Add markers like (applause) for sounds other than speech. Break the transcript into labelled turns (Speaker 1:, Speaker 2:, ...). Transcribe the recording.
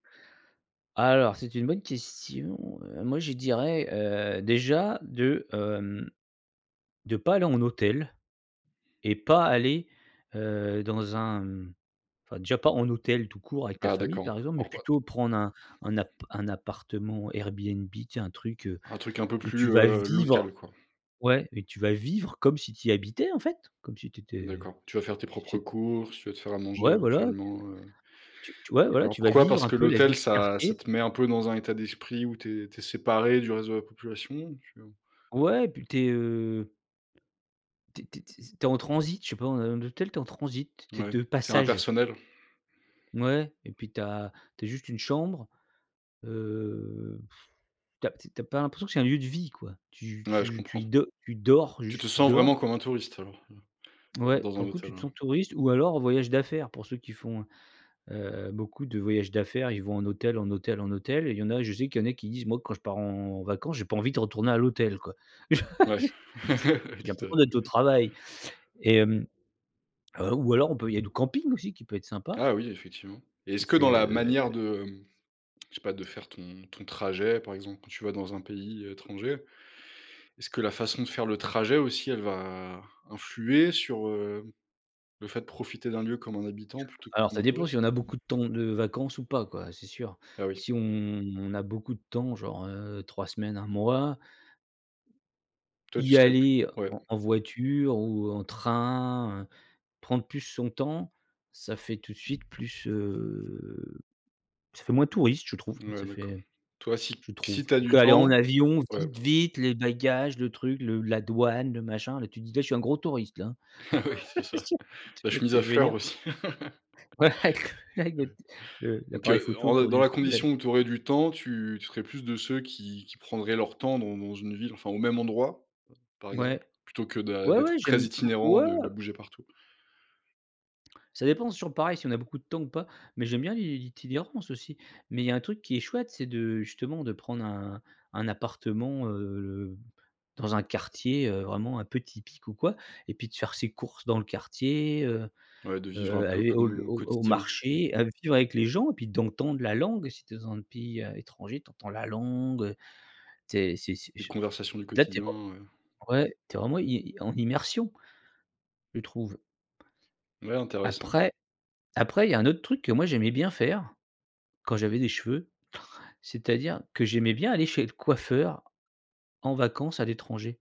Speaker 1: Alors, c'est une bonne question. Heu, moi, je dirais, heu, déjà, de, hem, de pas aller en hôtel et pas aller, heu, dans un, mmh, enfin, déjà pas en hôtel, tout court, avec ta
Speaker 2: Ah
Speaker 1: famille,
Speaker 2: d'accord,
Speaker 1: par exemple,
Speaker 2: en
Speaker 1: mais
Speaker 2: (unintelligible)
Speaker 1: plutôt prendre un un app un appartement Airbnb, tu sais, un truc, heu,
Speaker 2: Un truc un peu
Speaker 1: où tu
Speaker 2: plus,
Speaker 1: vas
Speaker 2: heu,
Speaker 1: vivre.
Speaker 2: local, quoi.
Speaker 1: Ouais, mais tu vas vivre comme si tu y habitais, en fait, comme si tu étais
Speaker 2: D'accord, tu vas faire tes
Speaker 1: tout de
Speaker 2: propres
Speaker 1: suite
Speaker 2: courses, tu vas te faire à manger
Speaker 1: Ouais, voilà,
Speaker 2: éventuellement, heu.
Speaker 1: tu t ouais, voilà,
Speaker 2: D'accord.
Speaker 1: tu vas
Speaker 2: Pourquoi?
Speaker 1: vivre
Speaker 2: Parce
Speaker 1: un
Speaker 2: que
Speaker 1: peu la
Speaker 2: l'hôtel
Speaker 1: vie du
Speaker 2: ça ça
Speaker 1: quartier.
Speaker 2: te met un peu dans un état d'esprit où tu es tu es séparé du reste de la population ou tu, heu
Speaker 1: Ouais et puis, tu es, heu tu es tu es s s tu es en transit, je sais pas, dans un hôtel, tu es en transit, tu es
Speaker 2: Ouais,
Speaker 1: de
Speaker 2: c'est
Speaker 1: passage.
Speaker 2: impersonnel.
Speaker 1: Ouais et puis tu as tu as juste une chambre. Heu, (blows air) tu as tu as pas l'impression que c'est un lieu de vie, quoi. Tu
Speaker 2: Ouais, je
Speaker 1: tu tu
Speaker 2: comprends.
Speaker 1: y do tu dors,
Speaker 2: Tu te
Speaker 1: juste tu
Speaker 2: sens vraiment
Speaker 1: dors.
Speaker 2: comme un touriste alors? Mmh,
Speaker 1: Ouais,
Speaker 2: dans un
Speaker 1: pour le coup, tu
Speaker 2: hôtel,
Speaker 1: te
Speaker 2: ouais.
Speaker 1: sens touriste ou alors en voyage d'affaires pour ceux qui font, heu heu, beaucoup de voyages d'affaires, ils vont en hôtel, en hôtel, en hôtel et il y en a je sais qu'il y en a qui disent: «Moi, quand je pars en en vacances, j'ai pas envie de retourner à l'hôtel, quoi.
Speaker 2: Ouais,
Speaker 1: (laughs)
Speaker 2: (laughs) oui,
Speaker 1: J'ai
Speaker 2: tout à
Speaker 1: l'impression
Speaker 2: fait.
Speaker 1: d'être au travail» et hem, heu, ou alors on peut il y a le camping, aussi qui peut être sympa
Speaker 2: Ah oui, effectivement et est-ce
Speaker 1: Tu
Speaker 2: que dans
Speaker 1: fais,
Speaker 2: la
Speaker 1: heu
Speaker 2: manière de, mmh, je sais pas, de faire ton ton trajet, par exemple, quand tu vas dans un pays, heu, étranger, est-ce que la façon de faire le trajet, aussi, elle va influer sur, heu, le fait de profiter d'un lieu comme un habitant plutôt que
Speaker 1: Alors
Speaker 2: comme
Speaker 1: ça
Speaker 2: un
Speaker 1: dépend, si
Speaker 2: touriste?
Speaker 1: on a beaucoup de temps de vacances ou pas, quoi. C'est sûr.
Speaker 2: Bah oui.
Speaker 1: Si on on a beaucoup de temps, genre, heu, 3 semaines, 1 mois
Speaker 2: Toi, tu
Speaker 1: y
Speaker 2: serais plus
Speaker 1: aller
Speaker 2: ouais.
Speaker 1: en en voiture ou en train, heu, prendre plus son temps, ça fait tout de suite plus, heu ça fait moins touriste, je trouve. Ça
Speaker 2: Ouais, d'accord.
Speaker 1: fait
Speaker 2: Toi, si
Speaker 1: je
Speaker 2: si
Speaker 1: trouve
Speaker 2: tu as du
Speaker 1: qu'aller en
Speaker 2: temps
Speaker 1: avion,
Speaker 2: ouais.
Speaker 1: vite, vite, les bagages, le truc, le la douane, le machin, là, tu te dis: «Là, je suis un gros touriste, hein».
Speaker 2: Ah oui, c'est ça,
Speaker 1: (laughs) Tu
Speaker 2: la
Speaker 1: vois ce
Speaker 2: chemise
Speaker 1: que
Speaker 2: à
Speaker 1: je veux dire?
Speaker 2: fleurs, aussi. (laughs)
Speaker 1: Ouais!
Speaker 2: Heu,
Speaker 1: (unintelligible) le
Speaker 2: donc,
Speaker 1: l'appareil
Speaker 2: heu,
Speaker 1: photo
Speaker 2: en
Speaker 1: autour
Speaker 2: dans
Speaker 1: du
Speaker 2: la
Speaker 1: cou, là.
Speaker 2: condition où tu aurais du temps, tu tu serais plus de ceux qui qui prendraient leur temps dans dans une ville, enfin, au même endroit, par
Speaker 1: Ouais,
Speaker 2: exemple, plutôt que d'a
Speaker 1: ouais, ouais,
Speaker 2: d'être
Speaker 1: j'aime
Speaker 2: très
Speaker 1: heu,
Speaker 2: itinérant,
Speaker 1: ouais,
Speaker 2: de de
Speaker 1: ouais.
Speaker 2: bouger partout?
Speaker 1: Ça dépend. C'est toujours pareil si on a beaucoup de temps ou pas, mais j'aime bien l'i l'i l'itinérance aussi. Mais il y a un truc qui est chouette, c'est de justement, de prendre un un appartement, heu heu, dans un quartier, heu, vraiment un peu typique ou quoi et puis de faire ses courses dans le quartier, heu
Speaker 2: Ouais, de vivre un
Speaker 1: heu,
Speaker 2: peu
Speaker 1: aller
Speaker 2: comme,
Speaker 1: au l
Speaker 2: heu, au
Speaker 1: au au
Speaker 2: quotidien, mmh.
Speaker 1: marché, aller vivre avec les gens et puis d'entendre la langue. Si tu es dans un pays, heu, étranger, tu entends la langue, heu, tu es c'est c'est
Speaker 2: Les
Speaker 1: je
Speaker 2: conversations du
Speaker 1: là, tu es
Speaker 2: quotidien,
Speaker 1: vraiment
Speaker 2: heu
Speaker 1: ouais, tu es vraiment i i en en immersion, je trouve.
Speaker 2: Ouais, intéressant.
Speaker 1: Après après, il y un autre truc que moi, j'aimais bien faire, quand j'avais des cheveux, c'est-à-dire que j'aimais bien aller chez le coiffeur, en vacances, à l'étranger.